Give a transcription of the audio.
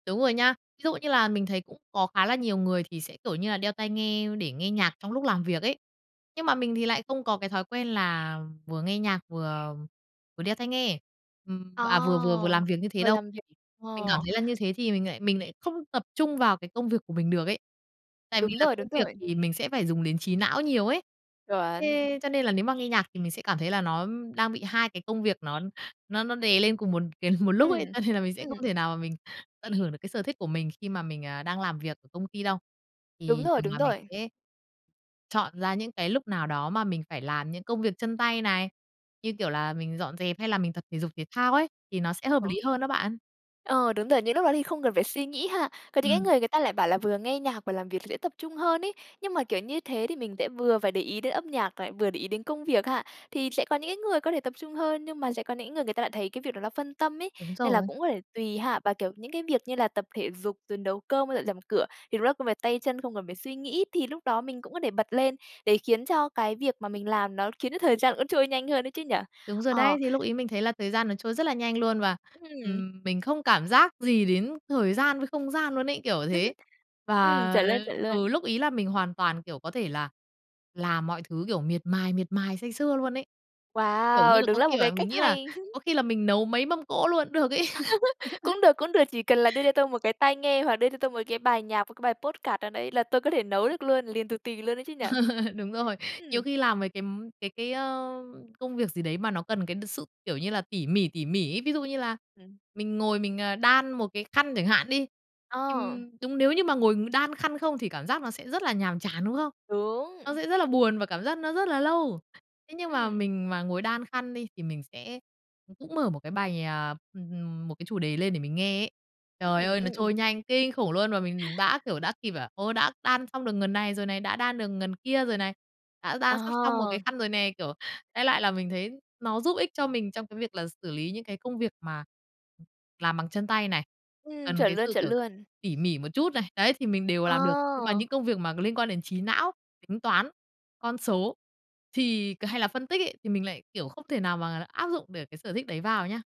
Đúng rồi nhá. Ví dụ như là mình thấy cũng có khá là nhiều người thì sẽ, kiểu như là, đeo tai nghe để nghe nhạc trong lúc làm việc ấy. Nhưng mà mình thì lại không có cái thói quen là vừa nghe nhạc vừa vừa đeo tai nghe, ừm, À, à, vừa vừa vừa làm việc như thế vừa đâu. làm việc. Mình cảm Ồ! thấy là như thế thì mình lại lại không tập trung vào cái công việc của mình được ấy. Tại vì Đúng là rồi, đúng công việc rồi. thì mình sẽ phải dùng đến trí não nhiều ấy, Chuẩn. thế cho nên là nếu mà nghe nhạc thì mình sẽ cảm thấy là nó đang bị hai cái công việc nó nó nó đè lên cùng một c một lúc Ừm, ấy. Cho nên là mình sẽ không ừm. thể nào mà mình tận hưởng được cái sở thích của mình khi mà mình, à, đang làm việc ở công ty đâu. Đúng Thì rồi, thường đúng là mình rồi. sẽ chọn ra những cái lúc nào đó mà mình phải làm những công việc chân tay này, như kiểu là, mình dọn dẹp hay là mình tập thể dục thể thao ấy, thì nó sẽ hợp Ờ. lý hơn đó bạn. Ờ, đúng rồi, những lúc đó thì không cần phải suy nghĩ ha. Còn những cái Ừm. người người ta lại bảo là vừa nghe nhạc, vừa làm việc dễ tập trung hơn ấy. Nhưng mà, kiểu, như thế thì mình sẽ vừa phải để ý đến âm nhạc, vừa để ý đến công việc ha. Thì sẽ có những cái người có thể tập trung hơn, nhưng mà sẽ có những người người ta lại thấy cái việc đó nó phân tâm ấy, Đúng nên là rồi. cũng có thể tùy ha và, kiểu, những cái việc như là tập thể dục, rồi nấu cơm với dọn dẹp nhà cửa thì đúng là công việc tay chân, không cần phải suy nghĩ thì lúc đó mình cũng có thể bật lên, để khiến cho cái việc mà mình làm nó khiến cho thời gian trôi nhanh hơn ấy chứ nhỉ? Đúng rồi Ờ. đấy. Thì lúc ấy mình thấy là thời gian nó trôi rất là nhanh luôn và, Ừm. ừm, mình không cảm giác gì đến thời gian với không gian luôn ấy, kiểu thế. Ừm, Và, chuẩn luôn, chuẩn ừ, luôn. lúc ấy là mình hoàn toàn, kiểu, có thể là làm mọi thứ, kiểu, miệt mài, miệt mài say sưa luôn ấy, kiểu như Wow! là, Đừng có là một khi cái là mình cách nghĩ là hay. có khi là mình nấu mấy mâm cỗ luôn cũng được ấy. Cũng được, cũng được, chỉ cần là đưa cho tôi một cái tai nghe hoặc đưa cho tôi một cái bài nhạc và cái bài podcast nào đấy là tôi có thể nấu được luôn, liền tù tì luôn ấy chứ nhỉ. Đúng rồi, nhiều Ừm. khi làm mấy cái cái cái, ờ, công việc gì đấy mà nó cần cái sự, kiểu, như là tỉ mỉ, tỉ mỉ ấy. Ví dụ như là Ừm. mình ngồi mình đan một cái khăn chẳng hạn đi, Ờ. ừm, đúng nếu như mà ngồi đan khăn không thì cảm giác nó sẽ rất là nhàm chán, đúng không? Đúng. Nó sẽ rất là buồn và cảm giác nó rất là lâu. Thế nhưng mà Ừm. mình mà ngồi đan khăn đi thì mình sẽ cũng mở một cái bài à, m một cái chủ đề lên để mình nghe ấy. Trời Ừm, ơi, nó ừm, ừm. trôi nhanh kinh khủng luôn và mình đã kiểu, đã kịp, ô, đã đan xong được ngần này rồi này, đã đan được ngần kia rồi này, đã đan sắp xong một cái À! khăn rồi nè. Kiểu, đại loại là mình thấy nó giúp ích cho mình trong cái việc là xử lý những cái công việc mà làm bằng chân tay này, Ừm, cần chuẩn cái luôn, sự, chuẩn kiểu, luôn. tỉ mỉ một chút này, đấy, thì mình đều Ờ! làm được. Nhưng mà những công việc mà liên quan đến trí não, tính toán, con số thì hay là phân tích ấy thì mình lại, kiểu, không thể nào mà áp dụng để cái sở thích đấy vào nha.